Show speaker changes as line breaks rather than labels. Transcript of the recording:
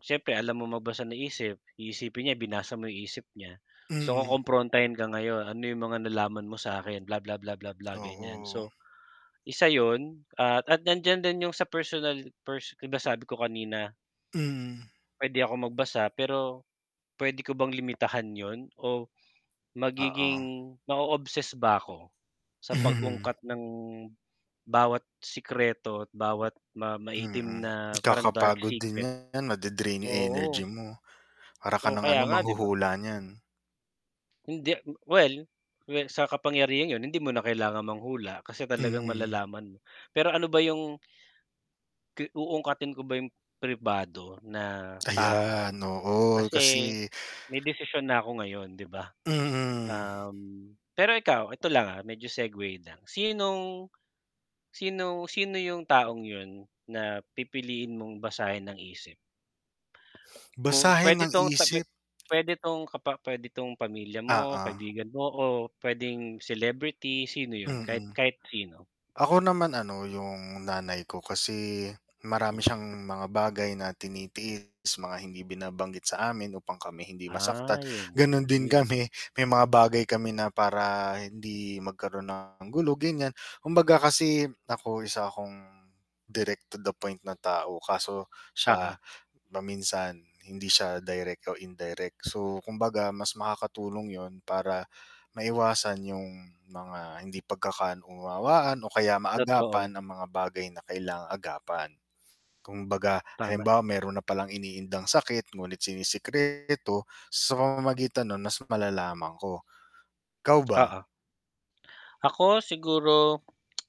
Siyempre alam mong magbasa ng isip, iisipin niya binasa mo isip niya, so
Mm.
kukomprontahin ka ngayon, ano yung mga nalaman mo sakin, bla, bla, bla, bla, bla, ganyan,
Oo.
so isa yun, at nandiyan din yung sa personal per 'di ba sabi ko kanina.
Hmm.
Pwede ako magbasa, pero pwede ko bang limitahan yun o
Oo.
magiging ma-o-obsess ba ako sa
Mhm.
pag-ungkat ng bawat sikreto, at bawat ma maitim
Mm.
na parang dark
Nakakapagod din
secret.
'yan made-drain yung energy
Oo.
mo, para ka
Oh,
ng
kaya
ano,
nga 'di ba.
manghuhula niyan.
Hindi. Well, well sa kapangyarihan yun hindi mo na kailangan manghula, kasi talagang
Mhm.
malalaman mo, pero ano ba yung uungkatin ko ba yung pribado na tao,
Ayan, oo,
kasi
kasi
may desisyon na ako ngayon 'di ba,
Mm.
um, pero ikaw eto lang, ah, medyo segway lang, sinong sino sino yung taong yun na pipiliin mong basahin ang isip? Kung
Basahin
pwede
ang
'tong
isip.
pwede tong kapa pwede tong pamilya mo,
Oo.
kaibigan mo, o pwedeng celebrity, sino yun? Kahit
Mm.
kahit sino.
Ako naman ano, yung nanay ko kasi marami siyang mga bagay na tinitiis, mga hindi binabanggit sa amin upang kami hindi masaktan,
Ay.
ganun din
Hmm.
kami. May mga bagay kami na para hindi magkaroon ng gulo ganyan, kumbaga kasi ako isa akong direct-to-the point na tao kaso siya
Oo.
paminsan hindi siya direct o indirect. So, kumbaga mas makakatulong yun para maiwasan yung mga hindi pagkaka-unawaan, o kaya
Totoo.
maagapan ang mga bagay na kailangang agapan. Kumbaga
Tama.
halimbawa meron na palang iniindang sakit ngunit sinisekreto, sa pamamagitan nun mas malalaman ko, ikaw ba?
Oo. Ako, siguro